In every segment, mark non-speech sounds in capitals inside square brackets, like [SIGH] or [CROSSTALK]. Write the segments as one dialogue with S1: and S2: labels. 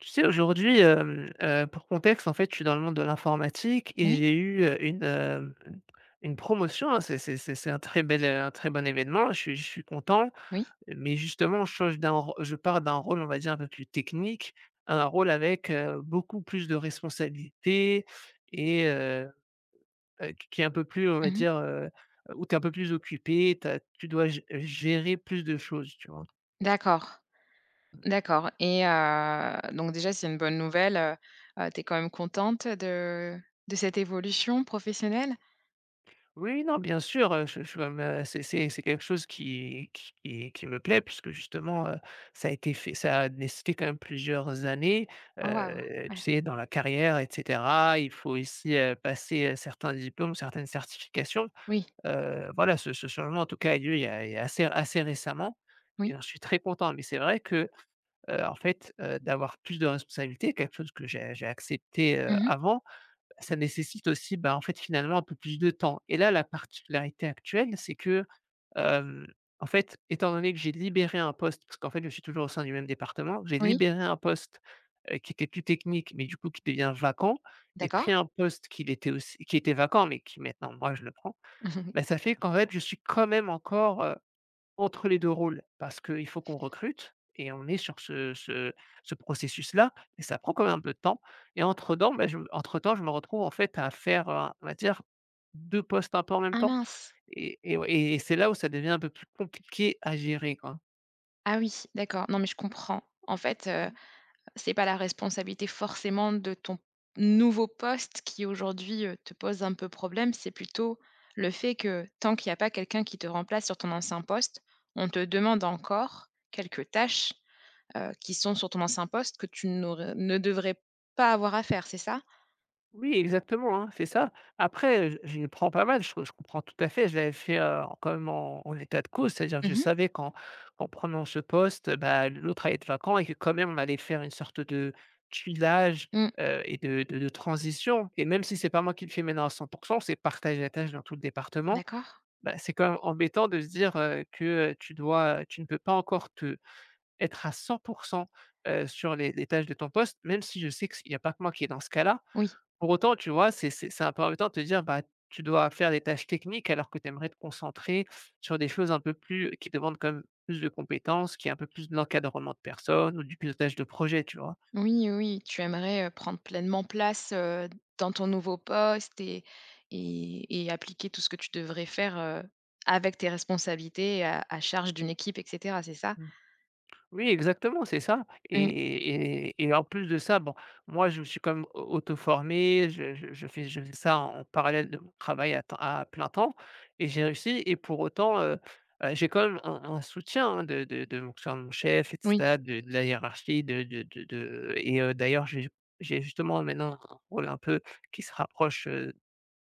S1: Tu sais aujourd'hui, hem, heu, pour contexte en fait je suis dans le monde de l'informatique et
S2: Oui.
S1: j'ai eu, heu, une, heu, mmh, une promotion, hein. C'est c'est c'est c'est un très bel, heu, un très bon événement, je suis je suis content.
S2: Oui.
S1: Mais justement je change d'un ro je pars d'un rôle on va dire un peu plus technique, un rôle avec, heu, beaucoup plus de responsabilités et heu, heu, qu qui est un peu plus on va
S2: Mmh mh.
S1: dire, heu, où tu es un peu plus occupé, ta tu dois gé gérer plus de choses tu vois?
S2: D'accord,
S1: Mmh.
S2: d'accord et heu, donc déjà c'est une bonne nouvelle, heu, heu, tu es quand même contente de de cette évolution professionnelle?
S1: Oui, oui, non, bien sûr, heu, j je me mets a c'est, c'est c'est quelque chose qui qui qui me plaît puisque justement, heu, ça a été fait ça a nécessité quand même plusieurs années,
S2: Oh waouh,
S1: heu, tu
S2: ouais.
S1: sais dans la carrière et cetera. Il faut aussi, heu, passer, heu, certains diplômes, certaines certifications.
S2: Oui.
S1: Heu, voilà ce ce changement en tout cas a eu lieu il y a il y a assez assez récemment et
S2: Oui.
S1: alors je suis très content. Mais c'est vrai que, heu, en fait, heu, d'avoir plus de responsabilités quelque chose que j'ai j'ai accepté, heu,
S2: Mmh mh.
S1: avant, ça nécessite aussi, bah, en fait finalement un peu plus de temps et là la particularité actuelle c'est que, hem, en fait étant donné que j'ai libéré un poste- parce qu'en fait je suis toujours au sein du même département- j'ai
S2: Oui.
S1: libéré un poste, heu, qui était plus technique, mais du coup qui devient vacant et
S2: D'accord.
S1: pris un poste qui l'était aussi qui était vacant mais qui maintenant moi je le prends,
S2: [CHUCKLES]
S1: bah, ça fait qu'en fait je suis quand même encore, heu, entre les 2 rôles. Parce qu'il faut qu'on recrute et on est sur ce ce ce processus-là et ça prend quand même un peu de temps et entre-temps beh, je entre-temps je me retrouve en fait à faire, heu, on va dire, 2 postes un peu en même
S2: Ah
S1: temps
S2: mince!
S1: et et ouais et c'est là où ça devient un peu plus compliqué à gérer quoi.
S2: Ah, oui d'accord, non mais, je comprends. En fait, heu, c'est pas la responsabilité forcément de ton nouveau poste qui aujourd'hui, heu, te pose un peu problème. C'est plutôt le fait que, tant qu'il y a pas quelqu'un qui te remplace sur ton ancien poste, on te demande encore quelques tâches, heu, qui sont sur ton ancien poste, que tu n'aur heu, ne devrais pas avoir à faire, c'est ça?
S1: Oui, exactement, hein, c'est ça. Après, heu, je j prends pas mal, j je comprends tout à fait. Je l'avais fait, heu, quand même en en état de cause, c'est-à-dire
S2: Mmh
S1: je
S2: mh.
S1: savais qu'en en prenant ce poste, bah, l'autre allait être vacant et que quand même on allait faire une sorte de chillage,
S2: Mmh.
S1: heu, et de de de transition, et même si c'est pas moi qui le fais maintenant à 100 %, c'est partager la tâche dans tout le département.
S2: D'accord.
S1: Bah c'est quand même embêtant de se dire, heu, que tu dois, heu, tu ne peux pas encore te être à 100 %, heu, sur les les tâches de ton poste, même si je sais que s il y a pas que moi qui est dans ce cas-là.
S2: Oui.
S1: Pour autant tu vois c'est c'est c'est un peu embêtant de te dire, bah, tu dois faire des tâches techniques alors que tu aimerais te concentrer sur des choses un peu plus qui demandent quand même plus de compétences, qu'il y ait un peu plus de l'encadrement de personnes, ou du pilotage de projet tu vois?
S2: Oui, heu, oui, tu aimerais, heu, prendre pleinement place, heu, dans ton nouveau poste et et et appliquer tout ce que tu devrais faire, heu, avec tes responsabilités et à à charge d'une équipe et cetera, c'est ça?
S1: Mmh. Oui exactement c'est ça, et
S2: Mmh.
S1: et et et en plus de ça, bon, moi je me suis quand même au auto-formé. Je je je fais je faisais ça en parallèle de mon travail à temps à plein temps et j'ai réussi, et pour autant, heu heu, j'ai quand même un un soutien hein, de de de mon, enfin, mon chef et
S2: Oui.
S1: cetad, de de la hiérarchie, de de de de, heu et heu, d'ailleurs j'ai ju j'ai justement maintenant un rôle un peu qui se rapproche, heu,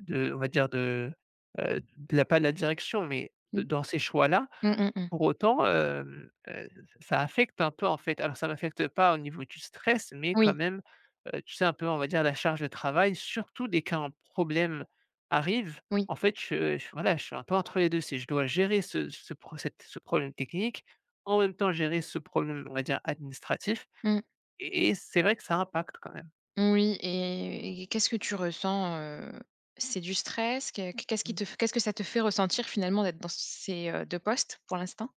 S1: de on va dire de, heu, de la pas de la direction, mais de
S2: Mmh.
S1: dans ces choix-là.
S2: Mmh mh. Mmh.
S1: Pour autant, hem, heu, ça affecte un peu en fait. Alors ça m'affecte pas au niveau du stress, mais quand
S2: Oui.
S1: même, heu, tu sais un peu on va dire la charge de travail, surtout dès qu'un problème arrive
S2: Oui.
S1: en fait, je je voilà je suis un peu entre les 2 c'est je dois gérer ce ce pro cette ce problème technique, en même temps gérer ce problème on va dire administratif
S2: Mmh.
S1: et et c'est vrai que ça impacte quand même.
S2: Mmh, oui et et et qu'est-ce que tu ressens, heu c'est du stress que qu'est qu'est-ce qui
S1: Mmh.
S2: te f qu'est-ce que ça te fait ressentir finalement d'être dans ces, heu, 2 postes pour l'instant?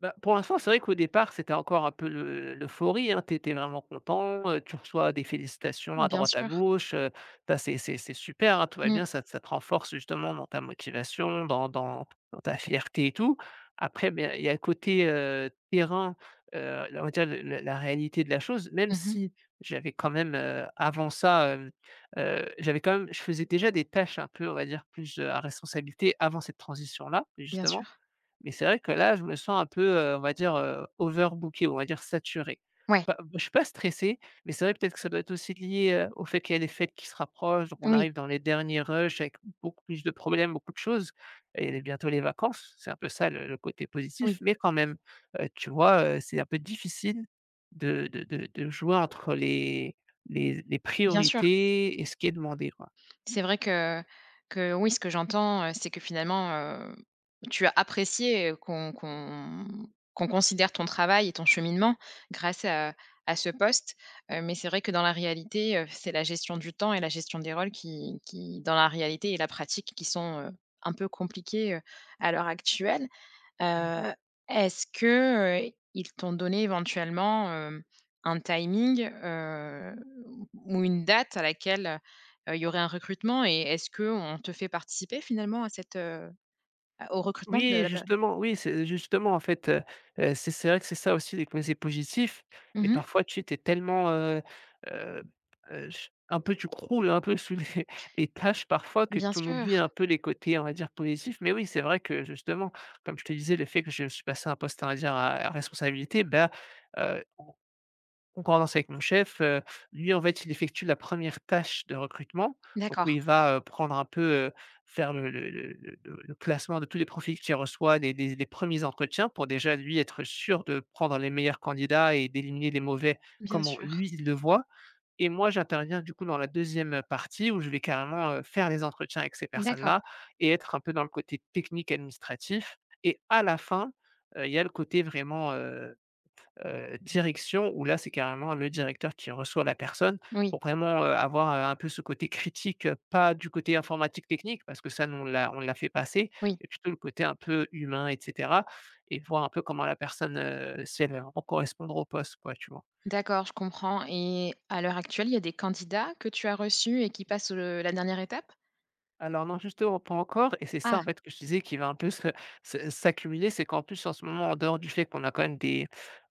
S1: Bah pour l'instant, c'est vrai qu'au départ c'était encore un peu l'eu l'euphorie, hein. Tu es tu es vraiment content, heu, tu reçois des félicitations à
S2: Bien
S1: droite, à
S2: sûr.
S1: gauche, heu, bah c'est c'est c'est super hein. Tout va
S2: Mmh.
S1: bien ça ça te renforce justement dans ta motivation, dans dans dans ta fierté et tout, après, beh, il y a un côté, heu, terrain, heu, on va dire le le la réalité de la chose,
S2: Mmh
S1: même
S2: mh.
S1: si j'avais quand même, heu, avant ça, hem, heu, j'avais quand même je faisais déjà des tâches un peu, on va dire plus, heu, à responsabilité avant cette transition là
S2: Bien
S1: justement.
S2: sûr.
S1: Mais c'est vrai que là je me sens un peu, heu, on va dire, heu, overbooké, on va dire saturé.
S2: Ouais.
S1: Pas je suis pas stressé, mais c'est vrai, peut-être que ça doit être aussi lié, heu, au fait qu'il y a les fêtes qui se rapprochent, donc
S2: Mmh
S1: on
S2: oui.
S1: arrive dans les derniers rush, avec beaucoup plus de problèmes, beaucoup de choses et les bientôt les vacances, c'est un peu ça le le côté positif.
S2: Oui.
S1: Mais quand même, heu, tu vois, heu, c'est un peu difficile de de de de jouer entre, heu, les les z les
S2: Bien sûr.
S1: priorités et ce qui est demandé quoi.
S2: C'est vrai que que oui, ce que j'entends, heu, c'est que finalement, hem, tu as apprécié, heu, qu'on qu'on qu'on considère ton travail et ton cheminement grâce à à ce poste, heu, mais c'est vrai que dans la réalité, heu, c'est la gestion du temps et la gestion des rôles qui qui, dans la réalité et la pratique, qui sont, heu, un peu compliquées, heu, à l'heure actuelle.
S1: Mmh.
S2: Heu, est-ce que, heu, ils t'ont donné éventuellement, hem, un timing, heu, ou une date à laquelle, heu, il y aurait un recrutement et est-ce qu'on te fait participer finalement à cette, heu heu, au recrutement
S1: Oui,
S2: de
S1: et
S2: la personne?
S1: justement oui, c'est justement en fait, heu heu, c'est c'est vrai que c'est ça les posés positifs, mais
S2: Mmh mh.
S1: parfois tu sais, tu es tellement, heu heu p heu, j un peu tu croules hein, un peu sous les [CHUCKLES] les tâches parfois, que
S2: Bien
S1: tu en
S2: sûr.
S1: oublies un peu les côtés, on va dire positifs. Mais oui, c'est vrai que, justement comme je te disais, le fait que je suis passé un poste, on va dire à responsabilité, bah, heu, en concordance avec mon chef, heu, lui en fait il effectue la 1re tâche de recrutement, donc où
S2: D'accord.
S1: il va, heu, prendre un peu, heu, faire le le le le le classement de tous les profils qu'il reçoit, les les les 1ers entretiens pour déjà, lui, être sûr de prendre les meilleurs candidats et d'éliminer les mauvais,
S2: Bien
S1: comment
S2: sûr.
S1: lui il le voit, et moi j'interviens du coup dans la 2e, heu, partie où je vais carrément, heu, faire les entretiens avec ces personnes
S2: D'accord.
S1: là et être un peu dans le côté technique, administratif et à la fin, heu, il y a le côté vraiment, heu heu, direction, où là c'est carrément le directeur qui reçoit la personne
S2: Oui.
S1: pour vraiment, heu, avoir, heu, un peu ce côté critique. Pas du côté informatique, technique parce que ça nous on l'a on l'a fait passer,
S2: Oui.
S1: mais plutôt le côté un peu humain et cetera et voir un peu comment la personne, heu, si elle est en pour correspondre au poste quoi tu vois?
S2: D'accord je comprends, et à l'heure actuelle il y a des candidats que tu as reçus et qui passent le la dernière étape?
S1: Alors non, justement, pas encore et c'est
S2: Ah!
S1: ça, en fait, que je te disais qui va un peu se se s'accumuler. C'est qu'en plus en ce moment, en dehors du fait qu'on a quand même des,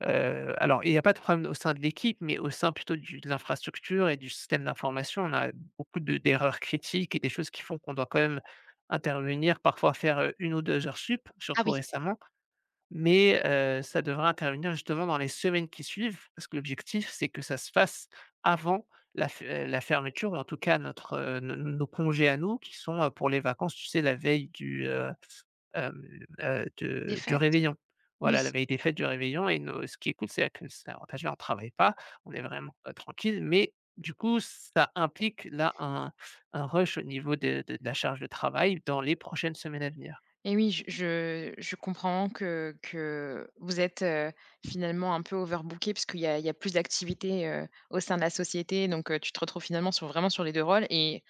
S1: heu alors il y a pas de problème au sein de l'équipe mais au sein plutôt du de l'infrastructure et du système d'information. On a beaucoup de d'erreurs critiques et des choses qui font qu'on doit quand même intervenir, parfois faire, heu, 1 ou 2 heures supplémentaires.
S2: Ah
S1: Surtout
S2: oui.
S1: récemment mais, heu, ça devrait intervenir justement dans les semaines qui suivent. Parce que l'objectif c'est que ça se fasse avant la f la fermeture et en tout cas notre, heu, n n nos congés à nous qui sont, heu, pour les vacances, tu sais? La veille du, heu, hem, heu, de du
S2: Défaite.
S1: réveillon.
S2: Oui.
S1: Voilà la veille des fêtes du réveillon et no ce qui est cool, c'est là que c'est l'avantage, déjà on travaille pas, on est vraiment, heu, tranquilles, mais du coup ça implique là un un rush au niveau de de de la charge de travail dans les prochaines semaines à venir.
S2: Et oui, j je je comprends que que vous êtes, heu, finalement un peu overbookés puisqu'il y a il y a plus d'activités, heu, au sein de la société, donc, heu, tu te retrouves finalement sur, vraiment sur les 2 rôles et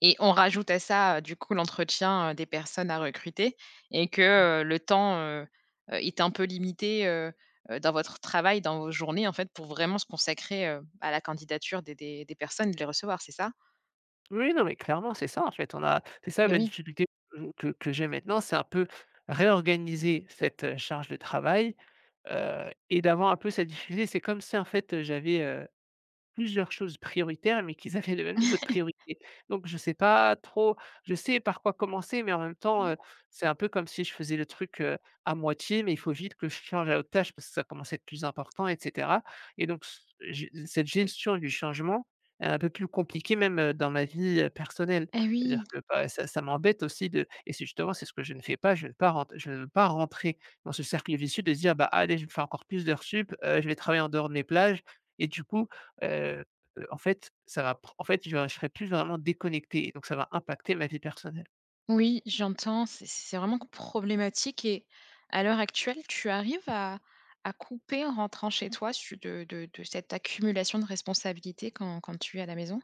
S2: et on rajoute à ça, heu, du coup l'entretien, heu, des personnes à recruter et que,
S1: Mmh.
S2: heu, le temps, heu heu, est un peu limité, heu heu, dans votre travail, dans vos journées, en fait, pour vraiment se consacrer, heu, à la candidature des des des personnes, de les recevoir, c'est ça?
S1: Oui, non, mais clairement, c'est ça, en fait. On a c'est ça
S2: Eh,
S1: la
S2: oui.
S1: difficulté que que que j'ai maintenant, c'est un peu réorganiser cette, heu, charge de travail, heu et d'avoir un peu cette difficulté. C'est comme si en fait, heu, j'avais, heu, plusieurs choses prioritaires, mais qu'ils avaient le même niveau de
S2: [LAUGHS]
S1: priorité. Donc je sais pas trop je sais par quoi commencer, mais en même temps,
S2: Mmh.
S1: heu, c'est un peu comme si je faisais le truc, heu, à moitié, mais il faut vite que je change à l'autre tâche parce que ça commence à être plus important et cetera et donc c heu, je cette gestion du changement elle est un peu plus compliquée même, heu, dans ma vie, heu, personnelle.
S2: Eh
S1: C'est-à-dire
S2: oui.
S1: que, bah, ça ça m'embête aussi de et c'est justement c'est ce que je ne fais pas, je veux pas rent je ne veux pas rentrer dans ce cercle vicieux de se dire: «Bah allez, fais encore plus d'heures supplémentaires, heu, je vais travailler en dehors de mes plages et du coup, heu heu, en fait ça va pr en fait j'aurai je serai plus vraiment déconnecté donc ça va impacter ma vie personnelle.
S2: Oui j'entends, c c c'est vraiment problématique et à l'heure actuelle tu arrives à à couper en rentrant chez toi su de de de cette accumulation de responsabilités quand quand tu es à la maison?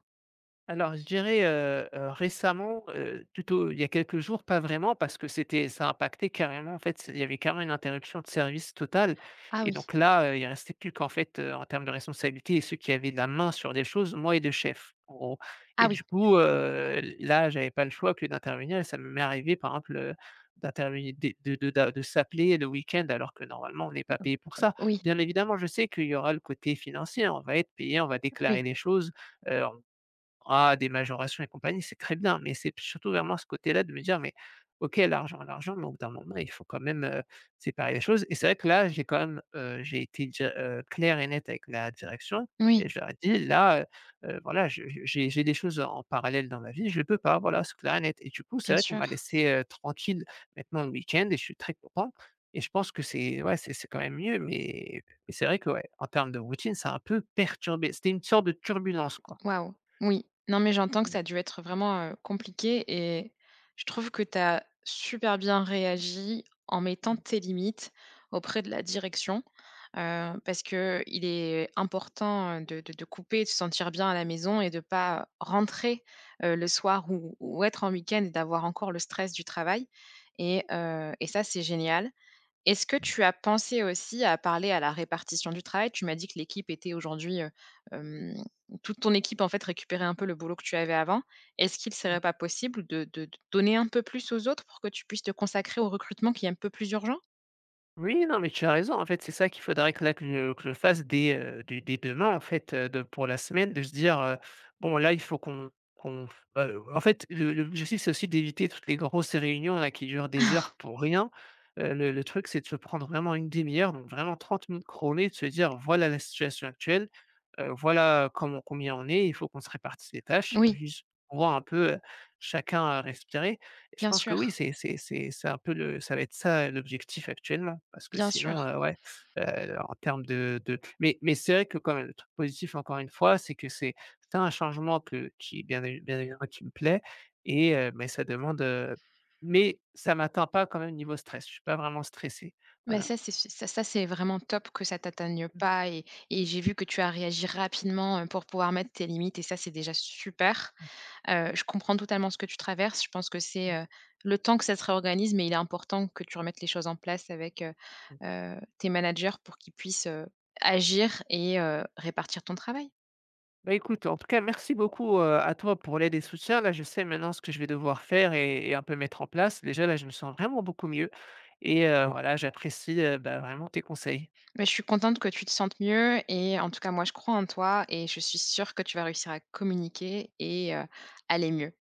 S1: Alors je dirais, heu heu, récemment, heu, plutôt, il y a quelques jours pas vraiment parce que c'était, ça a impacté carrément, en fait, il y avait carrément une interruption de service totale
S2: Ah
S1: et
S2: oui.
S1: donc là, heu, il restait plus qu'en fait, heu, en termes de responsabilité et ceux qui avaient la main sur les choses moi et 2 chefs, en gros
S2: Ah
S1: et
S2: oui!
S1: du coup, heu, là j'avais pas le choix que d'intervenir et ça m'est est arrivé, par exemple, heu, d'intervenir de de de de s'appeler le week-end alors que normalement on n'est pas payé pour
S2: [UNINTELLIGIBLE]
S1: ça.
S2: Heu oui.
S1: Bien évidemment, je sais qu'il y aura le côté financier, hein, on va être payé, on va
S2: Oui.
S1: déclarer des choses, hem, à des majorations et compagnie, c'est très bien, mais c'est surtout vraiment ce côté-là de me dire: «Mais OK l'argent, l'argent». Mais au bout d'un moment, il faut quand même, heu, séparer les choses et c'est vrai que là, j'ai quand même, heu, j'ai été déjà, heu, clair et net avec la direction
S2: Oui.
S1: et je leur ai dit: «Là, heu heu, voilà je je j'ai j'ai des choses, en parallèle, dans ma vie, je peux pas voilà, c'est clair et net» et du coup c'est
S2: Bien
S1: vrai qu'on
S2: sûr.
S1: m'a laissé, heu, tranquille maintenant le week-end et je suis très content et je pense que c'est ouais c'est c'est quand même mieux mais et c'est vrai que ouais, en termes de routine ça a un peu perturbé, c'était une sorte de turbulence, quoi.
S2: Waouh, oui, non, mais j'entends que
S1: Mmh.
S2: ça a dû être, heu, vraiment, heu, compliqué et je trouve que tu as super bien réagi en mettant
S1: Mmh.
S2: tes limites auprès de la direction, heu, parce qu'il est important, heu, de de te couper, de se sentir bien à la maison et de pas, heu,
S1: Mmh.
S2: rentrer, heu, le soir ou ou être en week-end d'avoir encore le stress du travail et heu et ça c'est génial. Est-ce que
S1: [UNINTELLIGIBLE]
S2: tu as pensé aussi à parler à la répartition du travail? Tu m'as dit que l'équipe était aujourd'hui, heu, hem, toute ton équipe, en fait, récupérait un peu le boulot que tu avais avant. Est-ce qu'il serait
S1: Mmh.
S2: pas possible de de donner un peu plus aux autres pour que tu puisses te consacrer au recrutement qui est un peu plus urgent?
S1: Oui, non, mais tu as raison, en fait, c'est ça qu'il faudrait que là que je je fasse dès, heu, dès dès demain, en fait, heu, de pour la semaine de se dire, heu: «Bon là, il faut qu'on qu'on f». Heu, en fait, le le l'objectif, c'est aussi d'éviter toutes les grosses réunions là qui durent des heures
S2: [CHUCKLES]
S1: pour rien, heu, le le truc c'est de se prendre vraiment une 1/2 heure donc vraiment 30 minutes chrono et de se dire: «Voilà la situation actuelle, heu, voilà comment, combien on est, il faut qu'on se répartisse les tâches
S2: Oui.
S1: juste pour qu'on voit un peu, heu, chacun à respirer» et je
S2: Bien
S1: pense que
S2: sûr.
S1: oui c'est c'est c'est c'est un peu le ça va être ça, heu, l'objectif actuellement parce que
S2: Bien
S1: sinon,
S2: sûr.
S1: heu, ouais, heu, en termes de de mais mais c'est vrai que quand même le truc positif encore une fois c'est que c'est tu as un changement que qui est bien et bien et qui me plaît et heu, ben, ça demande, heu mais ça m'atteint pas quand même niveau stress, je suis pas vraiment stressé
S2: Mais
S1: voilà.
S2: ça c'est ça ça c'est vraiment top que ça t'atteigne
S1: Mmh.
S2: pas et et j'ai vu que tu as réagi rapidement, heu, pour pouvoir mettre tes limites et ça c'est déjà super!
S1: Mmh.
S2: Heu, je comprends totalement ce que tu traverses, je pense que c'est,
S1: Mmh.
S2: heu, le temps que ça se réorganise, mais il est important que tu remettes les choses en place avec, heu
S1: Ouais.
S2: heu, tes managers pour qu'ils puissent, heu, agir et heu, répartir ton travail.
S1: Bah écoute, en tout cas, merci beaucoup, heu, à toi pour l'aide et soutien. Là, je sais maintenant ce que je vais devoir faire et et un peu mettre en place. Déjà là, je me sens vraiment beaucoup mieux et heu, voilà j'apprécie, heu, bah, vraiment tes conseils.
S2: Bah je suis contente que tu te sentes mieux et en tout cas, moi je crois en toi et je suis sûr que tu vas réussir à communiquer et heu, aller mieux.